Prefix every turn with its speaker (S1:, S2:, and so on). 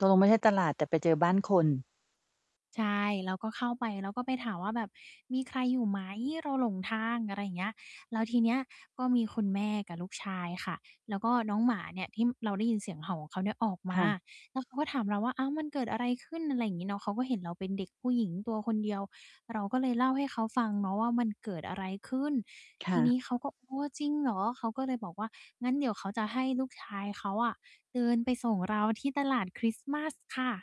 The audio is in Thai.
S1: ตกลงไม่ใช่ตลาด แต่ไปเจอบ้านคน
S2: ใช่ เราก็เข้าไป เราก็ไปถามว่าแบบ "มีใครอยู่ไหม? เราหลงทาง" อะไรอย่างเงี้ย แล้วทีเนี้ยก็มีคุณแม่กับลูกชายค่ะ แล้วก็น้องหมาเนี่ยที่เราได้ยินเสียงเห่าของเขาเนี่ยออกม
S1: ค
S2: า
S1: ่ะ
S2: แล้วเขาก็ถามเราว่า "อ้าว มันเกิดอะไรขึ้น?" อะไรอย่างงี้เนาะ เขาก็เห็นเราเป็นเด็กผู้หญิงตัวคนเดียว เราก็เลยเล่าให้เขาฟังเนาะว่ามันเกิดอะไรขึ้น
S1: ค
S2: ท
S1: ่
S2: ีนี้เขา
S1: ะ
S2: ก็ "โอ้ จริงเหรอ?" เขาก็เลยบอกว่า งั้นเดี๋ยวเขาจะให้ลูกชายเขาอะ เดินไปส่งเราที่ตลาดคริสต์มาสค่ะ